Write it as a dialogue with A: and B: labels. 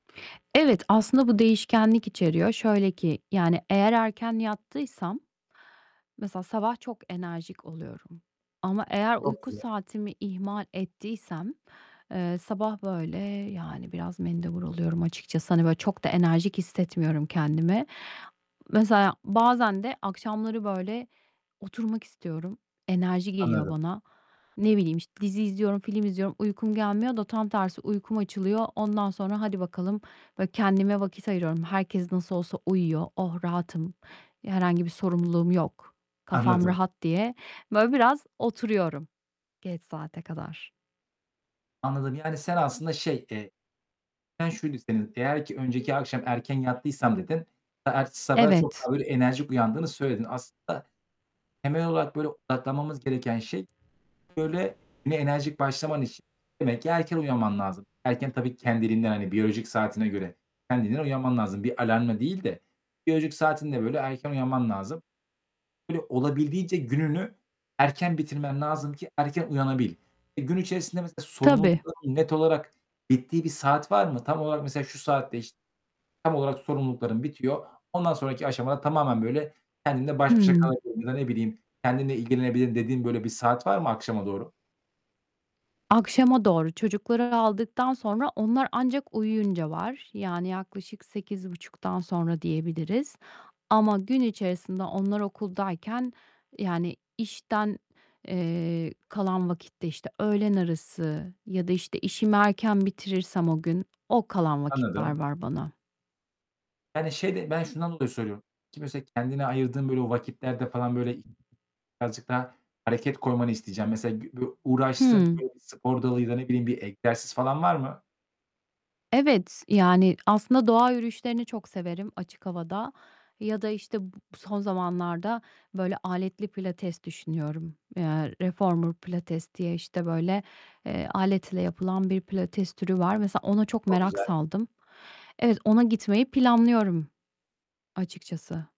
A: Evet, aslında bu değişkenlik içeriyor. Şöyle ki, yani, eğer erken yattıysam, mesela sabah çok enerjik oluyorum ama eğer
B: Çok
A: uyku
B: güzel.
A: saatimi ihmal ettiysem, eee, sabah, böyle, yani, biraz mendebur oluyorum açıkçası. Hani, böyle, çok da enerjik hissetmiyorum kendimi. Mesela bazen de akşamları, böyle, oturmak istiyorum. Enerji geliyor
B: Anladım.
A: bana. Ne bileyim, işte, dizi izliyorum, film izliyorum, uykum gelmiyor da tam tersi uykum açılıyor. Ondan sonra hadi bakalım! Böyle, kendime vakit ayırıyorum. "Herkes nasıl olsa uyuyor. Oh, rahatım! İ herhangi bir sorumluluğum yok, kafam
B: Anladım.
A: rahat." diye, böyle, biraz oturuyorum geç saate kadar.
B: Anladım, yani, sen aslında şey, eee [unintelligible] şuydu senin, "Eğer ki önceki akşam erken yattıysam." dedin, e ertesi sabaha çok
A: Evet!
B: daha böyle enerjik uyandığını söyledin. Aslında temel olarak, böyle, odaklanmamız gereken şey, böyle, güne enerjik başlaman için demek ki erken uyanman lazım. Erken tabii ki kendiliğinden, hani, biyolojik saatine göre kendiliğinden uyanman lazım. Bir alarmla değil de biyolojik saatinde, böyle, erken uyanman lazım. Böyle, olabildiğince gününü erken bitirmen lazım ki erken uyanabil. E, gün içerisinde mesela
A: Tabii.
B: sorumluluklarının net olarak bittiği bir saat var mı? Tam olarak mesela, "Şu saatte, iş tam olarak sorumluluklarım bitiyor. Ondan sonraki aşamada tamamen böyle, kendimle baş başa
A: Hıı.
B: kalabilirim." Ya, ne bileyim "Kendimle ilgilenebilirim." dediğin, böyle, bir saat var mı akşama doğru?
A: Akşama doğru, çocukları aldıktan sonra onlar ancak uyuyunca var. Yani, yaklaşık 8.30'dan sonra diyebiliriz. Ama gün içerisinde onlar okuldayken, yani, işten, eee, kalan vakitte, işte, öğlen arası ya da, işte, işimi erken bitirirsem o gün, o kalan vakitler
B: Anladım.
A: var bana.
B: Yani, şeyde, ben şundan dolayı söylüyorum. Ki mese kendine ayırdığın, böyle, vakitlerde falan, böyle, i birazcık daha hareket koymanı isteyeceğim. Mesela [unintelligible] uğraştığın,
A: Hıı!
B: böyle, bir spor dalı ya da ne bileyim bir egzersiz falan var mı?
A: Evet, yani, aslında doğa yürüyüşlerini çok severim açık havada ya da, işte, bu son zamanlarda, böyle, aletli pilates düşünüyorum. Eee, reformer pilates diye, işte, böyle, eee, aletle yapılan bir pilates türü var. Mesela ona çok
B: Çok
A: merak
B: güzel!
A: saldım. Evet, ona gitmeyi planlıyorum açıkçası.